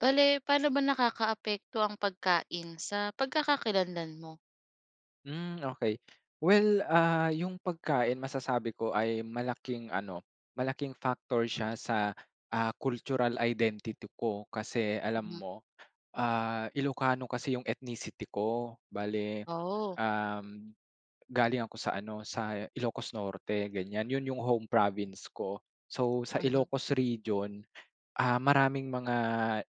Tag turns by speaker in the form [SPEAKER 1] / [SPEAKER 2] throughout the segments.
[SPEAKER 1] Bale, pa'no ba nakakaapekto ang pagkain sa pagkakakilanlan mo?
[SPEAKER 2] Hmm, okey. Well, ah, yung pagkain masasabi ko ay malaking ano, malaking factor siya sa, ah, cultural identity ko kasi alam
[SPEAKER 1] Hmm nga.
[SPEAKER 2] mo, ah, Ilokano kasi yung ethnicity ko. Bale,
[SPEAKER 1] Oh.
[SPEAKER 2] uhm, galing ako sa ano, sa Ilocos Norte, ganyan. Yun yung home province ko. So, sa
[SPEAKER 1] Mhm.
[SPEAKER 2] Ilocos region, ah, maraming mga,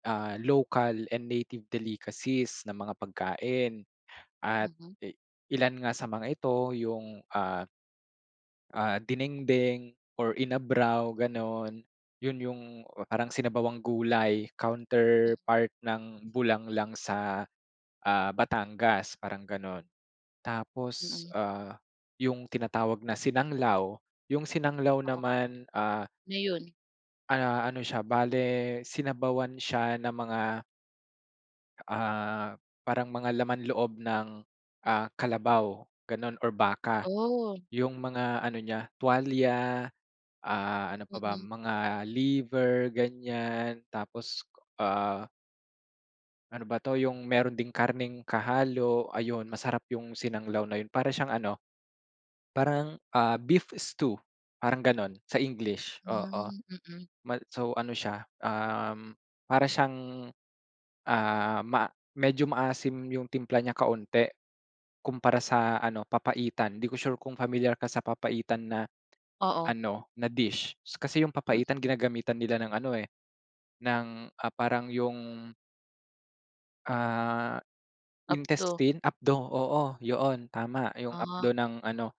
[SPEAKER 2] ah, local and native delicacies na mga pagkain at,
[SPEAKER 1] Mhm.
[SPEAKER 2] e ilan nga sa mga ito yung, ah Ah, dinengdeng or inabraw, gano'n? Yun yung parang sinabawang gulay
[SPEAKER 1] Hmm.
[SPEAKER 2] counterpart ng bulanglang sa, ah, Batangas, parang gano'n. Tapos,
[SPEAKER 1] Mm.
[SPEAKER 2] ah, yung tinatawag na sinanglaw, yung sinanglaw
[SPEAKER 1] Oo.
[SPEAKER 2] naman, ah
[SPEAKER 1] Ngayon.
[SPEAKER 2] ah, ano siya, bale sinabawan siya na mga Ah, parang mga laman loob ng, ah, kalabaw, ganun or baka.
[SPEAKER 1] Oh!
[SPEAKER 2] Yung mga ano niya, tuwalya, ah, ano pa ba?
[SPEAKER 1] Mm.
[SPEAKER 2] Mga liver, ganyan tapos, ah ano ba 'to, yung meron ding karne'ng kahalo. Ayun, masarap yung sinanglaw na yun. Para siyang ano, parang, ah, beef stew, parang ganun sa English, oo.
[SPEAKER 1] Hmm, mm.
[SPEAKER 2] Ma so, ano siya, uhm, para siyang, ah, ma medyo maasim yung timpla niya kaunti kumpara sa ano, papaitan. Hindi ko sure kung pamilyar ka sa papaitan na
[SPEAKER 1] Oo.
[SPEAKER 2] ano, na dish. Kasi yung
[SPEAKER 1] Hmm.
[SPEAKER 2] papaitan ginagamitan nila ng ano, eh, ng, ah, parang 'yong ah,
[SPEAKER 1] Apdo.
[SPEAKER 2] intestine, apdo oo, yoon, tama! 'Yong
[SPEAKER 1] Ah.
[SPEAKER 2] apdo ng ano,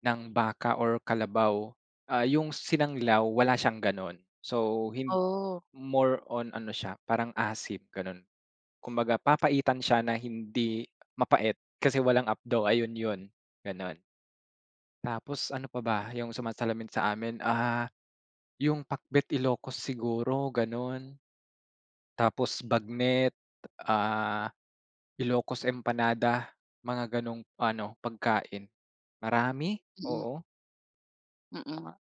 [SPEAKER 2] ng baka or kalabaw. Ah, 'yong sinanglaw, wala siyang gano'n. So, hin
[SPEAKER 1] Oh!
[SPEAKER 2] more on ano siya, parang asim, gano'n. Kumbaga, papaitan siya na hindi mapait kasi walang apdo. Ayun 'yon, gano'n. Tapos ano pa ba, yung sumasalamin sa amin, ah, yung pakbet Ilocos siguro, ganun. Tapos bagnet, ah, Ilocos empanada, mga ganong ano, pagkain. Marami,
[SPEAKER 1] Mm.
[SPEAKER 2] oo.
[SPEAKER 1] Mm nga,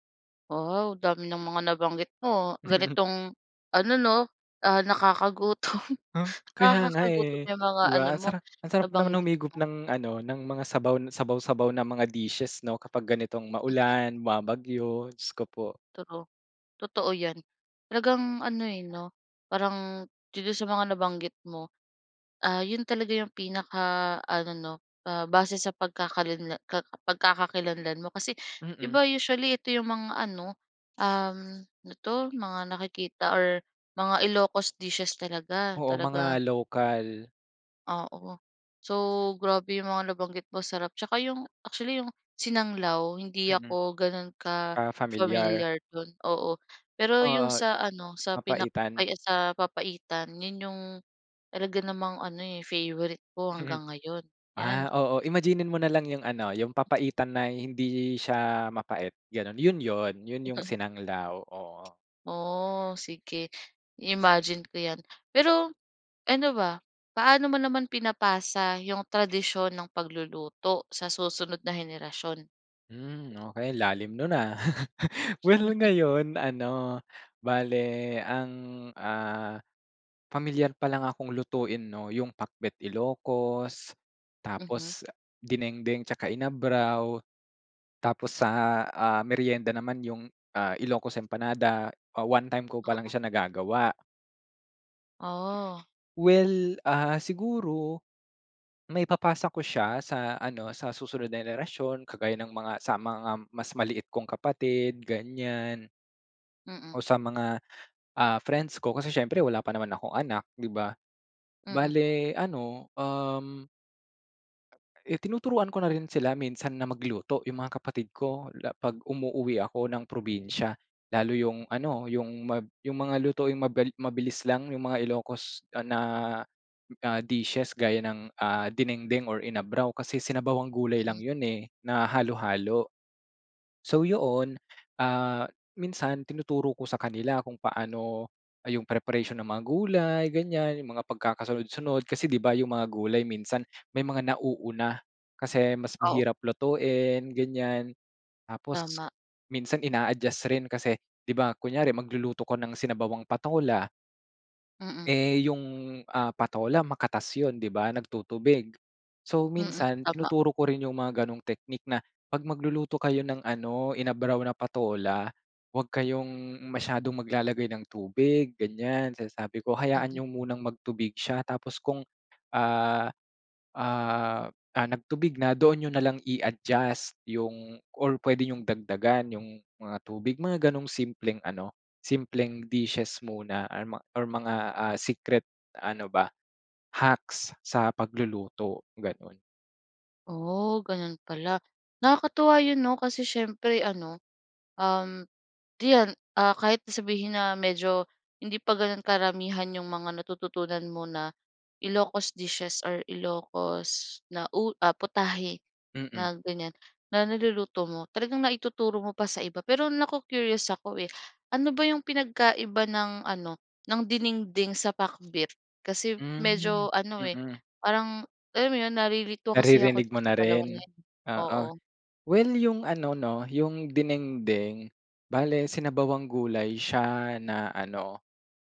[SPEAKER 1] wow, dami ng mga nabanggit mo, ganitong ano 'no, ah, nakakagutom,
[SPEAKER 2] Uh, kaya nga,
[SPEAKER 1] nakakagutom
[SPEAKER 2] eh,
[SPEAKER 1] 'yong mga
[SPEAKER 2] 'di
[SPEAKER 1] ano
[SPEAKER 2] ba,
[SPEAKER 1] mo,
[SPEAKER 2] sara ang sarap pa naman
[SPEAKER 1] nabanggit
[SPEAKER 2] humigop
[SPEAKER 1] mo.
[SPEAKER 2] ng ano ng mga sabaw, sabaw-sabaw ng mga dishes 'no kapag ganitong
[SPEAKER 1] Mm.
[SPEAKER 2] maulan bumabagyo, Diyos ko po.
[SPEAKER 1] True. Totoo 'yan, talagang ano eh, 'no, parang dito sa mga nabanggit mo. Ah, 'yon talaga 'yong pinakaano 'no, ah, base sa pagkakalinla ka pagkakakilanlan mo kasi, 'di
[SPEAKER 2] Mm.
[SPEAKER 1] ba, usually ito 'yong mga ano, um, ano 'to mga nakikita or mga Ilocos dishes talaga,
[SPEAKER 2] Oo,
[SPEAKER 1] talaga.
[SPEAKER 2] mga local.
[SPEAKER 1] Oo. So, grabe 'yong mga nabanggit mo sarap, tsaka 'yong, actually, 'yong sinanglaw, hindi
[SPEAKER 2] Mm.
[SPEAKER 1] ako gano'n
[SPEAKER 2] Ah, familiar.
[SPEAKER 1] ka-familiar do'n, oo. Pero 'yong
[SPEAKER 2] Oo,
[SPEAKER 1] sa ano sa pinak
[SPEAKER 2] papaitan.
[SPEAKER 1] ay, sa papaitan 'yon 'yong talaga namang ano, eh, favorite ko hanggang ngayon, 'yan.
[SPEAKER 2] Ah, oo imagine-nin mo nalang yung ano, yung papaitan na hindi siya mapait, gano'n, yun yun, yun yung sinanglaw, oo.
[SPEAKER 1] Oh, sige, i-imagine ko 'yan. Pero, ano ba, paano mo naman pinapasa 'yong tradisyon ng pagluluto sa susunod na henerasyon?
[SPEAKER 2] Hmm. Okey. Lalim no'n ah. Well,
[SPEAKER 1] Mhm.
[SPEAKER 2] ngayon, ano, bale ang, ah, pamilyar palang akong lutuin 'no, yung Pakbet Ilocos,
[SPEAKER 1] Mhm.
[SPEAKER 2] tapos dinengdeng tsaka inabraw. Tapos sa, ah, meryenda naman yung, ah, Ilocos Empanada. One-time ko pa lang
[SPEAKER 1] Oo.
[SPEAKER 2] siya nagagawa.
[SPEAKER 1] Oh.
[SPEAKER 2] Well, ah, siguro, maipapasa ko siya sa ano, sa susunod na henerasyon kagaya ng mga sa mga mas maliit kong kapatid, ganyan. O
[SPEAKER 1] Mm.
[SPEAKER 2] sa mga, ah, friends ko kasi syempre wala pa naman akong anak, 'di ba?
[SPEAKER 1] Mm.
[SPEAKER 2] Bale ano, um. Eh tinuturuan ko na rin sila minsan na magluto, yung mga kapatid ko, la 'pag umuuwi ako ng probinsya. Lalo yung ano, yung mab yung mga lutuing mabil mabilis lang. Yung mga Ilocos, ah, na, ah, dishes gaya ng, ah, dinengdeng or inabraw, kasi sinabawang gulay lang
[SPEAKER 1] Hmm.
[SPEAKER 2] yun eh na halo-halo. So, 'yon, ah, minsan tinuturo ko sa kanila kung paano, ah, yung preparation ng mga gulay, ganyan. Yung mga pagkakasunod-sunod. Kasi 'di ba yung mga gulay minsan may mga nauuna, kasi mas
[SPEAKER 1] Oo.
[SPEAKER 2] mahirap lutuin, ganyan. Tapos
[SPEAKER 1] Tama.
[SPEAKER 2] minsan ina-adjust rin kasi, 'di ba kunyari magluluto ko ng sinabawang patola.
[SPEAKER 1] Mm.
[SPEAKER 2] Eh, yung, ah, patola makatas 'yon 'di ba, nagtutubig, so
[SPEAKER 1] Mm,
[SPEAKER 2] minsan
[SPEAKER 1] tama.
[SPEAKER 2] tinuturo ko rin yung mga ganong teknik na, "Pag magluluto kayo ng ano, inabraw na patola, 'wag kayong masyadong maglalagay ng tubig," ganyan sinasabi ko, "Hayaan
[SPEAKER 1] Mhm.
[SPEAKER 2] niyo munang magtubig siya, tapos kung ah, ah, nagtubig na, doon niyo na lang i-adjust yung or puwede niyong dagdagan yung mga tubig," mga ganong simpleng ano, simpleng dishes muna or ma or mga secret ano ba, hacks sa pagluluto, ganun.
[SPEAKER 1] Oh, ganun pala. Nakakatuwa yun 'no, kasi siyempre, ano, um, 'yan, ah, kahit sabihin na medyo hindi pa gan'on karamihan 'yong mga natututunan mo na Ilocos dishes or Ilocos na u putahe
[SPEAKER 2] Mm.
[SPEAKER 1] na ganyan, na niluluto mo, talagang naituturo mo pa sa iba. Pero na-co-curious ako, eh, ano ba 'yong pinagkaiba ng ano, ng dinengdeng sa pakbet? Kasi
[SPEAKER 2] Hmm,
[SPEAKER 1] medyo ano eh,
[SPEAKER 2] mm.
[SPEAKER 1] parang alam mo 'yon nalilito kasi ako
[SPEAKER 2] Naririnig
[SPEAKER 1] diyan
[SPEAKER 2] mo
[SPEAKER 1] sa
[SPEAKER 2] na
[SPEAKER 1] dalawa na
[SPEAKER 2] rin,
[SPEAKER 1] 'yon,
[SPEAKER 2] oo.
[SPEAKER 1] oo.
[SPEAKER 2] Well, yung ano, 'no yung dinengdeng, bale sinabawang gulay siya na ano,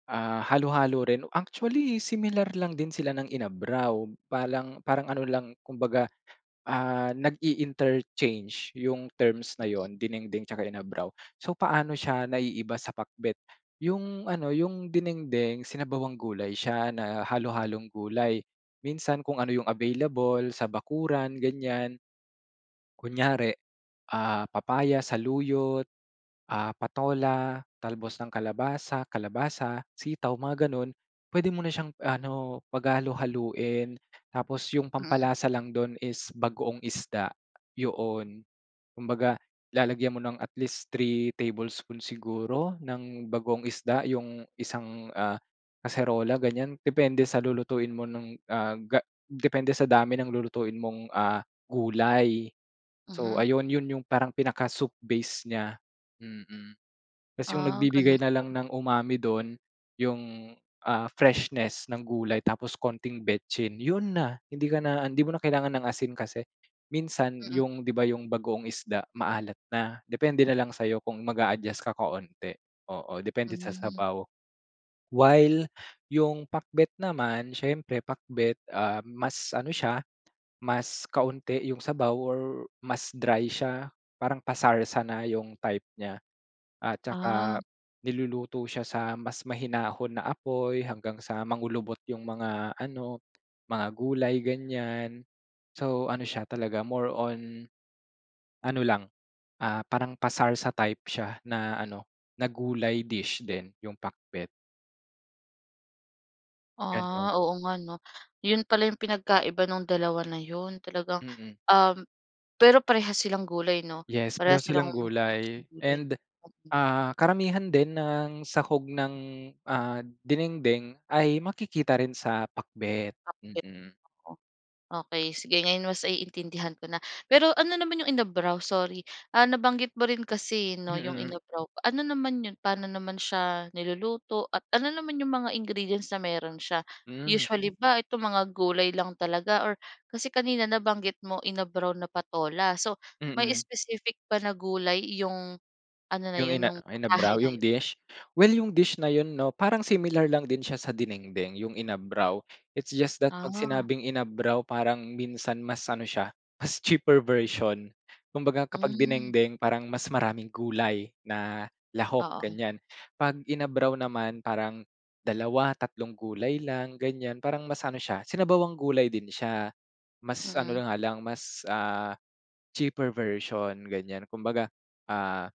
[SPEAKER 2] ah, halo-halo rin, actually similar lang din sila ng inabraw, palang parang ano lang, kumbaga, ah, nag-i-interchange 'yong terms na 'yon, dinengdeng 'tsaka inabraw. So, paano siya naiiba sa pakbet? Yung ano, 'yong dinengdeng, sinabawang gulay siya na halo-halong gulay. Minsan kung ano 'yong available sa bakuran, ganyan. Kunyari, ah, papaya, saluyot, ah, patola, talbos ng kalabasa, kalabasa, sitaw, mga gano'n. Puwede mo na siyang ano, paghalu-haluin, tapos 'yong
[SPEAKER 1] Mm.
[SPEAKER 2] pampalasa lang do'n is bagoong isda, 'yon. Kumbaga lalagyan mo ng at least 3 tablespoon siguro ng bagoong isda 'yong isang, ah, kaserola, ganyan, depende sa lulutuin mo nung, ah, ga depende sa dami ng lulutuin mong, ah, gulay. So
[SPEAKER 1] Mhm.
[SPEAKER 2] ayun, yun yung parang pinaka soup base niya, mm. Tapos 'yong
[SPEAKER 1] Ah,
[SPEAKER 2] nagbibigay
[SPEAKER 1] ganun
[SPEAKER 2] na lang
[SPEAKER 1] pala.
[SPEAKER 2] ng umami do'n 'yong, ah, freshness ng gulay tapos konting vetsin 'yon na. Hindi ka na hindi mo na kailangan ng asin kasi minsan
[SPEAKER 1] Mm.
[SPEAKER 2] 'yong, 'di ba, 'yong bagoong isda maalat na, depende na lang sa'yo kung mag-aadjust ka kaunti, oo, depende sa
[SPEAKER 1] Hmm.
[SPEAKER 2] sabaw. While yung pakbet naman, siyempre pakbet, ah, mas ano siya, mas kaunti yung sabaw or mas dry siya, parang pasarsa na 'yong type niya, at
[SPEAKER 1] Ah.
[SPEAKER 2] saka niluluto siya sa mas mahinahon na apoy hanggang sa mangulubot 'yong mga ano, mga gulay, ganyan. So, ano siya talaga, more on, ano lang, ah, parang pasarsa type siya na ano, na gulay dish din yung pakbet. Ganun.
[SPEAKER 1] Ah, oo nga 'no. Yun pala yung pinagkaiba nung dalawa na yun. Talagang
[SPEAKER 2] Mm.
[SPEAKER 1] um, pero parehas silang gulay 'no,
[SPEAKER 2] Yes, pareho
[SPEAKER 1] parehas silang
[SPEAKER 2] silang gulay
[SPEAKER 1] gulay.
[SPEAKER 2] and,
[SPEAKER 1] Oo.
[SPEAKER 2] ah, karamihan din ng sahog ng, ah, dinengdeng ay makikita rin sa pakbet.
[SPEAKER 1] Pakbet.
[SPEAKER 2] Mm.
[SPEAKER 1] Okey sige. Ngayon mas naiintindihan ko na, pero ano naman yung inabraw? Sorry, ah, nabanggit mo rin kasi 'no, yung
[SPEAKER 2] Mm.
[SPEAKER 1] inabraw. Ano naman yun? Paano naman siya niluluto? At ano naman yung mga ingredients na meron siya?
[SPEAKER 2] Mm.
[SPEAKER 1] Usually, ba itong mga gulay lang talaga or kasi kanina nabanggit mo, inabraw na patola. So, may
[SPEAKER 2] Mm.
[SPEAKER 1] specific ba na gulay yung ano na
[SPEAKER 2] Yung
[SPEAKER 1] yun,
[SPEAKER 2] ina
[SPEAKER 1] yung putahe
[SPEAKER 2] inabraw?
[SPEAKER 1] na
[SPEAKER 2] Yung
[SPEAKER 1] yun?
[SPEAKER 2] dish? Well, yung dish na yun 'no, parang similar lang din siya sa dinengdeng, yung inabraw. It's just that 'pag
[SPEAKER 1] Ah.
[SPEAKER 2] sinabing inabraw, parang minsan mas ano siya, mas cheaper version. Kumbaga, kapag
[SPEAKER 1] Hmm.
[SPEAKER 2] dinengdeng parang mas maraming gulay na lahok,
[SPEAKER 1] Oo.
[SPEAKER 2] ganiyan. 'Pag inabraw naman parang dalawa, tatlong gulay lang, ganiyan. Parang mas ano siya, sinabawang gulay din siya. Mas ano
[SPEAKER 1] Mm.
[SPEAKER 2] na nga lang, mas, ah, cheaper version, ganiyan. Kumbaga, ah,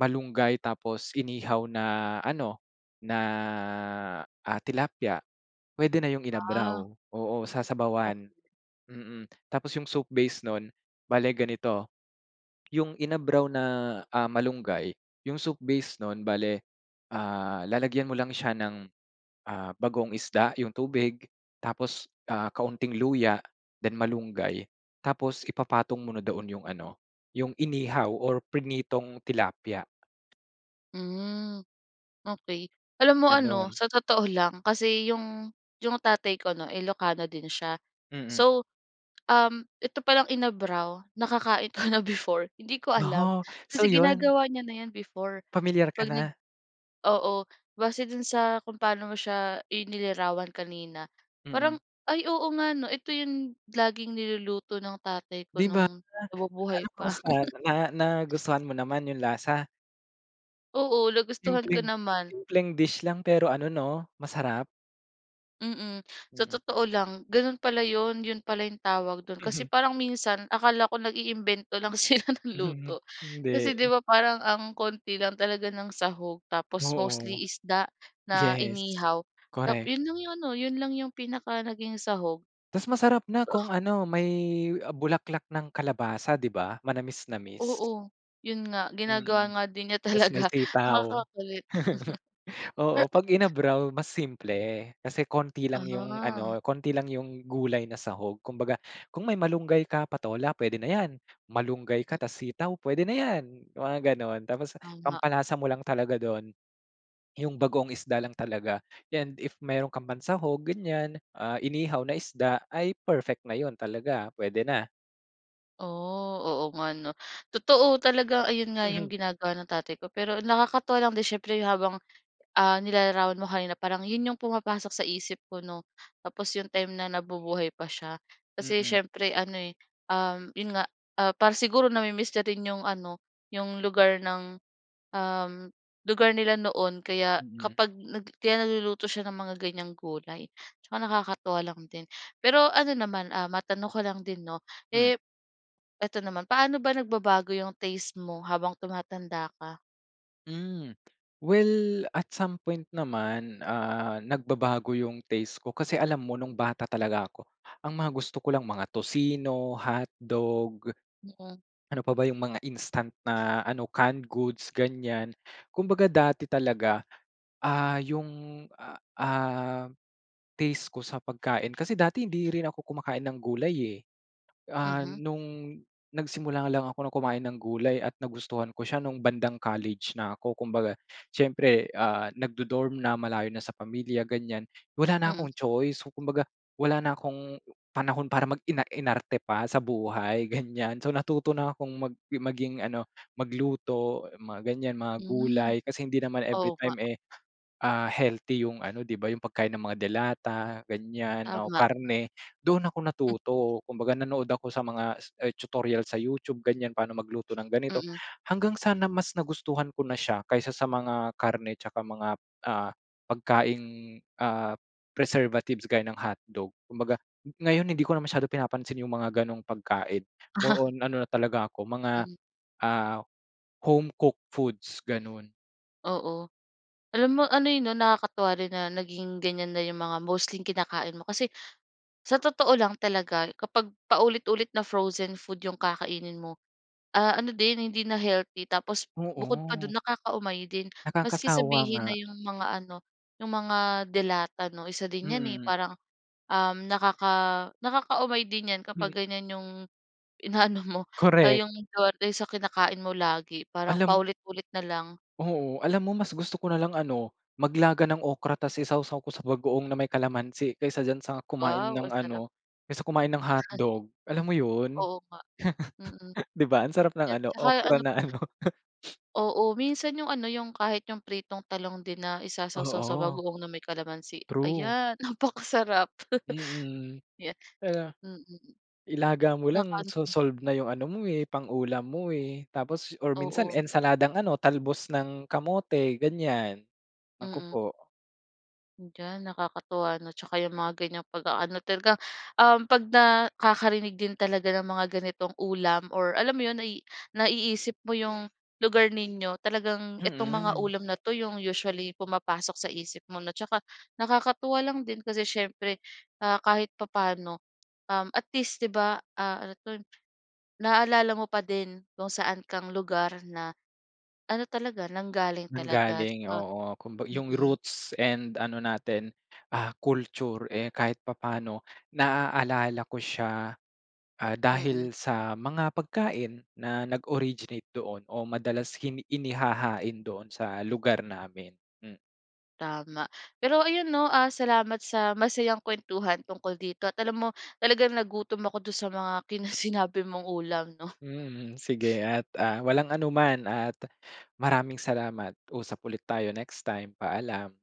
[SPEAKER 2] malunggay tapos inihaw na ano, na, ah, tilapia. Puwede na yung inabraw.
[SPEAKER 1] Ah.
[SPEAKER 2] Oo,
[SPEAKER 1] Oh
[SPEAKER 2] sasabawan, mm. Tapos yung soup base nun, bale ganito. Yung inabraw na, ah, malunggay, yung soup base nun, bale, ah, lalagyan mo lang siya ng, ah, bagoong isda yung tubig tapos, ah, kaunting luya then malunggay tapos ipapatong mo na doon yung ano, yung inihaw or prinitong tilapia.
[SPEAKER 1] Hmm. Okey alam mo ano,
[SPEAKER 2] Gano'n.
[SPEAKER 1] sa totoo lang kasi 'yong 'yong tatay ko 'no, Ilocano din siya.
[SPEAKER 2] Mm.
[SPEAKER 1] So, um, ito palang inabraw nakakain ko na before hindi ko
[SPEAKER 2] Ah
[SPEAKER 1] alam.
[SPEAKER 2] huh, so
[SPEAKER 1] Kasi
[SPEAKER 2] 'yon.
[SPEAKER 1] ginagawa niya na 'yan before
[SPEAKER 2] Pamilyar ka
[SPEAKER 1] 'pag nag
[SPEAKER 2] na?
[SPEAKER 1] oo base do'n sa kung pa'no mo siya inilirawan kanina. Parang,
[SPEAKER 2] Mm.
[SPEAKER 1] ay, oo nga 'no, ito 'yong laging niluluto ng tatay ko
[SPEAKER 2] 'Di ba
[SPEAKER 1] no'ng
[SPEAKER 2] ano
[SPEAKER 1] nabubuhay pa.
[SPEAKER 2] kamusta na nagustuhan mo naman 'yong lasa?
[SPEAKER 1] Oo, nagustuhan ko
[SPEAKER 2] Simpleng
[SPEAKER 1] naman.
[SPEAKER 2] simpleng dish lang pero ano, 'no masarap.
[SPEAKER 1] Mm. Sa
[SPEAKER 2] Mm.
[SPEAKER 1] totoo lang gano'n pala 'yon, 'yon pala 'yong tawag do'n kasi
[SPEAKER 2] Mhm.
[SPEAKER 1] parang minsan akala ko nag-iimbento lang sila ng luto. Kasi, 'di
[SPEAKER 2] Hindi.
[SPEAKER 1] ba, parang ang konti lang talaga ng sahog, tapos
[SPEAKER 2] Oo.
[SPEAKER 1] mostly isda na
[SPEAKER 2] Yes,
[SPEAKER 1] inihaw, nap
[SPEAKER 2] correct.
[SPEAKER 1] 'yon lang 'yong ano, 'yon lang 'yong pinaka naging sahog.
[SPEAKER 2] Tapos masarap na kung ano may, ah, bulaklak ng kalabasa, 'di ba? Manamis-namis.
[SPEAKER 1] Oo. 'Yon nga ginagawa
[SPEAKER 2] Mm,
[SPEAKER 1] nga din niya
[SPEAKER 2] tapos
[SPEAKER 1] talaga,
[SPEAKER 2] may
[SPEAKER 1] nakaka
[SPEAKER 2] sitaw.
[SPEAKER 1] kulit.
[SPEAKER 2] Oo. 'Pag inabraw mas simple. Kasi konti lang 'yong
[SPEAKER 1] Ah.
[SPEAKER 2] ano, konti lang 'yong gulay na sahog. Kumbaga, kung may malunggay ka, patola, puwede na 'yan, malunggay ka,
[SPEAKER 1] Mm.
[SPEAKER 2] tapos sitaw, puwede na 'yan, mga gano'n. Tapos
[SPEAKER 1] Oo nga.
[SPEAKER 2] pampalasa mo lang talaga do'n, 'yong bagoong isda lang talaga. 'Yan and if mayroon kang pansahog ganyan, ah, inihaw na isda ay perfect na 'yon talaga, puwede na.
[SPEAKER 1] Oh, oo nga 'no. Totoo talaga ayun nga
[SPEAKER 2] Mhm.
[SPEAKER 1] 'yong ginagawa ng tatay ko, pero nakakatuwa lang din siyempre habang, ah, nilalarawan mo kanina parang 'yon 'yong pumapasok sa isip ko 'no, tapos 'yong time na nabubuhay pa siya. Kasi
[SPEAKER 2] Mm.
[SPEAKER 1] siyempre ano eh, uhm, ‘yon nga, ah, para siguro nami-miss na rin 'yong ano, 'yong lugar ng, uhm, lugar nila noon kaya
[SPEAKER 2] Mhm.
[SPEAKER 1] kapag nag kaya nagluluto siya ng mga ganiyang gulay tsaka nakakatuwa lang din. Pero ano naman, ah, matanong ko lang din 'no.
[SPEAKER 2] Hmm.
[SPEAKER 1] Eh, ito naman. Paano ba nagbabago yung taste mo habang tumatanda ka?
[SPEAKER 2] Hmm. Well at some point naman, ah, nagbabago yung taste ko kasi alam mo nung bata talaga ako, ang mga gusto ko lang mga tocino, hotdog.
[SPEAKER 1] Mm.
[SPEAKER 2] Ano pa ba yung mga instant na ano, canned goods ganiyan. Kumbaga dati talaga, ah, yung, a ah, taste ko sa pagkain kasi dati hindi rin ako kumakain ng gulay eh. Ah,
[SPEAKER 1] Mhm.
[SPEAKER 2] nung nagsimula lang ako ng kumain ng gulay at nagustuhan ko siya nung bandang college na ako. Kumbaga siyempre, ah, nag-du-dorm na malayo na sa pamilya, ganiyan. Wala na
[SPEAKER 1] Mm.
[SPEAKER 2] akong choice, kumbaga wala na akong panahon para mag ina-inarte pa sa buhay ganiyan. So natuto na akong mag maging ano, magluto, mga ganyan, mga
[SPEAKER 1] Mhm.
[SPEAKER 2] gulay kasi hindi naman
[SPEAKER 1] Oo nga.
[SPEAKER 2] everytime eh ah healthy yung ano 'di ba, yung pagkain ng mga delata ganiyan o
[SPEAKER 1] Tama.
[SPEAKER 2] karne. Doon ako
[SPEAKER 1] Hmm.
[SPEAKER 2] natuto. Kumbaga, nanood ako sa mga tutorial sa YouTube ganiyan, paano magluto ng ganito.
[SPEAKER 1] Mm.
[SPEAKER 2] Hanggang sa na mas nagustuhan ko na siya kaysa sa mga karne tsaka mga, ah, pagkaing, ah, preservatives gaya ng hotdog. Kumbaga ngayon, hindi ko na masyado pinapansin yung mga gano'ng pagkain. More on ano na talaga ako mga,
[SPEAKER 1] Mhm.
[SPEAKER 2] ah, home cooked foods ganun.
[SPEAKER 1] Oo, alam mo ano, eh, 'no nakakatuwa rin na naging ganyan na 'yong mga mostly kinakain mo kasi, sa totoo lang talaga kapag paulit-ulit na frozen food 'yong kakainin mo, ah, ano din hindi na healthy, tapos bukod pa do'n
[SPEAKER 2] Oo.
[SPEAKER 1] nakakaumay din, maski
[SPEAKER 2] Nakakasawa
[SPEAKER 1] sabihin na
[SPEAKER 2] nga.
[SPEAKER 1] 'yong mga ano, 'yong mga delata no, isa din 'yan, eh,
[SPEAKER 2] Mm.
[SPEAKER 1] parang, um, nakaka nakakaumay din 'yan kapag
[SPEAKER 2] Mm.
[SPEAKER 1] ganyan 'yong inaano mo, ah,
[SPEAKER 2] Korek.
[SPEAKER 1] 'yong [unintelligible] sa kinakain mo lagi parang
[SPEAKER 2] Alam
[SPEAKER 1] paulit-ulit na lang.
[SPEAKER 2] Oo, alam mo mas gusto ko nalang ano, maglaga ng okra tas isawsaw ko sa bagoong na may kalamansi, kaysa diyan sa kumain
[SPEAKER 1] Wow!
[SPEAKER 2] ng
[SPEAKER 1] Ang sarap.
[SPEAKER 2] ano, kaysa kumain ng hotdog. Alam mo 'yon
[SPEAKER 1] Oo nga, mm.
[SPEAKER 2] 'di ba ang sarap ng
[SPEAKER 1] 'Yan
[SPEAKER 2] ano
[SPEAKER 1] tsaka
[SPEAKER 2] okra
[SPEAKER 1] ano
[SPEAKER 2] na ano.
[SPEAKER 1] Oo, minsan 'yong ano 'yong kahit 'yong pritong talong din na isasawsaw sa
[SPEAKER 2] Oo.
[SPEAKER 1] bagoong na may kalamansi,
[SPEAKER 2] True.
[SPEAKER 1] ayan napakasarap.
[SPEAKER 2] Mm.
[SPEAKER 1] 'Yan,
[SPEAKER 2] kaya
[SPEAKER 1] mm.
[SPEAKER 2] ilaga mo lang
[SPEAKER 1] Nakan
[SPEAKER 2] so
[SPEAKER 1] hmm.
[SPEAKER 2] solve na yung ano mo, eh, pang ulam mo, eh, tapos or minsan
[SPEAKER 1] Oo.
[SPEAKER 2] ensaladang ano talbos ng kamote ganyan. Naku
[SPEAKER 1] Mm.
[SPEAKER 2] po.
[SPEAKER 1] Diyan, nakakatuwa, 'no? Tsaka yung mga ganyang pag-aano talagang, um, 'pag nakakarinig din talaga ng mga ganitong ulam, or alam mo 'yon, nai naiisip mo yung lugar ninyo, talagang itong mga
[SPEAKER 2] Mm.
[SPEAKER 1] ulam na 'to yung usually pumapasok sa isip mo, 'no? Tsaka nakakatuwa lang din kasi siyempre, ah, kahit papaano, um, at least, 'di ba, ah, ano 'to, naalala mo pa din kung saan kang lugar na ano talaga, nanggaling talaga.
[SPEAKER 2] Nanggaling,
[SPEAKER 1] Tsaka
[SPEAKER 2] oo. Kumba yung
[SPEAKER 1] mm.
[SPEAKER 2] roots and ano natin, ah, culture, eh, kahit papaano naaalala ko siya. Ah,
[SPEAKER 1] Mm.
[SPEAKER 2] dahil sa mga pagkain na nag-originate doon o madalas kini inihahain doon sa lugar namin. Hmm.
[SPEAKER 1] Tama. Pero ayun 'no, ah, salamat sa masayang kwentuhan tungkol dito. At alam mo, talagang nagutom ako do'n sa mga kinas sinabi mong ulam, 'no?
[SPEAKER 2] Mhm, sige. At, ah, walang anuman at maraming salamat. Usap ulit tayo next time. Paalam.